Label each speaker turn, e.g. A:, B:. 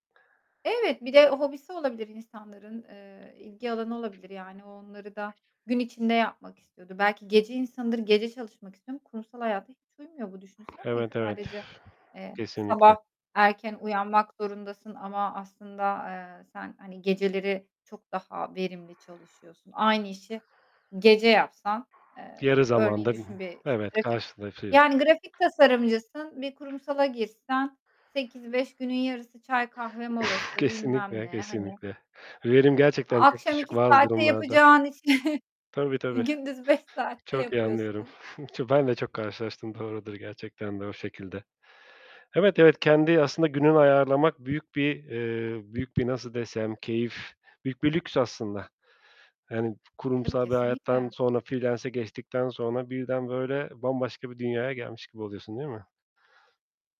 A: Evet, bir de hobisi olabilir insanların, eee, ilgi alanı olabilir. Yani, o onları da gün içinde yapmak istiyordur. Belki gece insanıdır, gece çalışmak istiyor ama kurumsal hayata hiç uymuyor bu düşünsene. İlk
B: Evet, evet,
A: sadece, eee,
B: kesinlikle.
A: sabah erken uyanmak zorundasın ama aslında, eee, sen, hani, geceleri çok daha verimli çalışıyorsun. Aynı işi gece yapsan, eee,
B: Yarı
A: örneğin
B: zamanda
A: düşün bir, işte,
B: Evet,
A: grafik,
B: karşılaşıyor.
A: yani grafik tasarımcısın, bir kurumsala girsen 08.00-17.00 günün yarısı çay, kahve molası bilmem
B: Kesinlikle,
A: ne, hani.
B: kesinlikle, verim gerçekten çok
A: Akşam
B: düşük
A: 2
B: bazı
A: saatte
B: durumlarda.
A: yapacağın işi
B: Tabii, tabii,
A: gündüz 5 saatte
B: çok iyi anlıyorum.
A: yapıyorsun.
B: Ben de çok karşılaştım, doğrudur gerçekten de o şekilde. Evet, evet, kendi aslında gününü ayarlamak büyük bir, eee, büyük bir nasıl desem, keyif, büyük bir lüks aslında. Yani
A: Tabii,
B: kurumsal bir hayattan
A: kesinlikle.
B: sonra, free-lance'e geçtikten sonra birden, böyle, bambaşka bir dünyaya gelmiş gibi oluyorsun, değil mi?